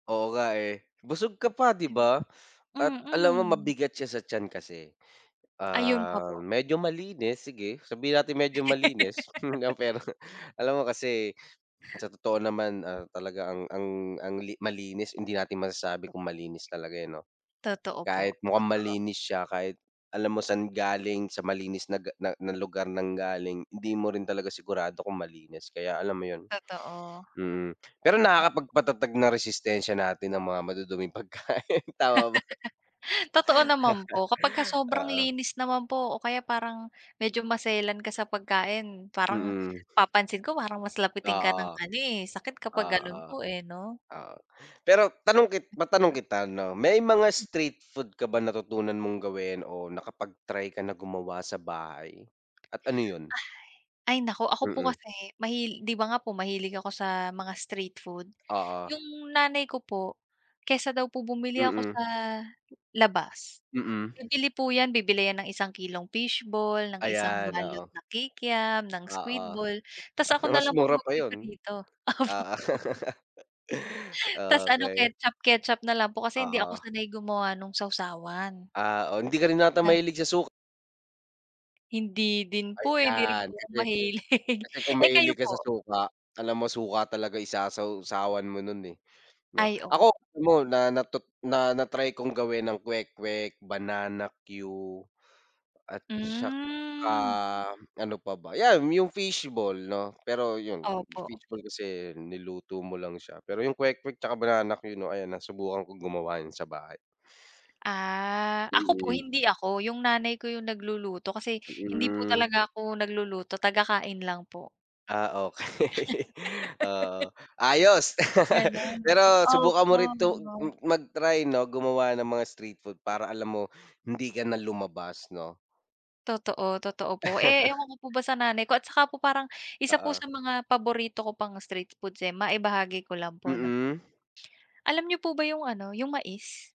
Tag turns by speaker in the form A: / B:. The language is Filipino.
A: Oo nga, eh. Busog ka pa di ba? At alam mo
B: Mm.
A: mabigat siya sa tiyan kasi.
B: Ayun pa
A: Ah,
B: po.
A: medyo malinis sige sabihin natin medyo malinis pero alam mo kasi sa totoo naman, ah, talaga ang ang ang li malinis hindi natin masasabi kung malinis talaga yan no?
B: Totoo po,
A: Kahit mukhang
B: totoo.
A: malinis siya kahit alam mo san galing sa malinis na ga na na lugar nanggaling hindi mo rin talaga sigurado kung malinis kaya alam mo yun?
B: Totoo.
A: Mm pero
B: Opo.
A: nakakapag-patatag ng resistensya natin ang mga maduduming pagkain tama ba?
B: Totoo naman po. Kapagka-sobrang
A: Oo.
B: linis naman po o kaya parang medyo maselan ka sa pagkain parang
A: Mm.
B: napapansin ko parang mas lapitin ka ng
A: Oo.
B: ano, eh, sakit kapag ganon
A: Oo.
B: po, eh, no?
A: Oo. Pero tanong kit matanong kita no, may mga street food ka ba natutunan mong gawin o nakapag-try ka na gumawa sa bahay? At ano yun?
B: Ay naku ako po
A: Mm.
B: kasi mahil di ba nga po mahilig ako sa mga street food,
A: Oo.
B: yung nanay ko po, kaysa daw po bumili ako
A: Mm.
B: sa labas,
A: Mm.
B: bibili po yan, bibili yan ng 1 kilong fish ball ng 1
A: Ayan,
B: balot
A: oo.
B: na kikam, ng squid
A: Oo.
B: ball, tapos ako
A: Mas
B: nalang po
A: mura pa yun.
B: mag-piprito. Opo.
A: Oo.
B: Tapos ano
A: Okey.
B: ketchup-ketchup na lang po kasi hindi ako
A: Oo.
B: sanay gumawa nung sawsawan.
A: Ah, o hindi ka rin yata
B: Na
A: mahilig sa suk
B: Hindi din po, eh, hindi rin
A: Ayan
B: po ako
A: kasi
B: mahilig.
A: kasi kung
B: Eh, kayo
A: mahilig ka sa
B: po?
A: suka, alam mo suka talaga isasaw-sawan mo nun eh no?
B: Ay o
A: Ako alam mo na na tut na na-try kong gawin ang kwek-kwek, banana que, at saka
B: Hmm.
A: ano pa ba, yan yung fish ball no, pero yun,
B: Opo.
A: fish ball kasi niluto mo lang siya pero yung kwek-kwek saka banana que no ayan nasubukan ko gumawa niyan sa bahay.
B: Ah, ako po
A: Mm.
B: hindi ako, yung nanay ko yung nagluluto kasi hindi po
A: Mm.
B: talaga ako nagluluto, taga-kain lang po.
A: Ah, okey. Oo. Ayos
B: Ganun.
A: pero subukan mo
B: Opo.
A: rin tong m
B: [unintelligible]
A: mag-try no gumawa ng mga street food para alam mo, hindi ka na lumabas no?
B: Totoo totoo po. Eh, ewan ko po ba sa nanay ko at saka po parang isa po
A: Oo.
B: sa mga paborito ko pang street foods, eh, maibahagi ko lang po no po?
A: Mm.
B: Alam niyo po ba yung ano, yung mais?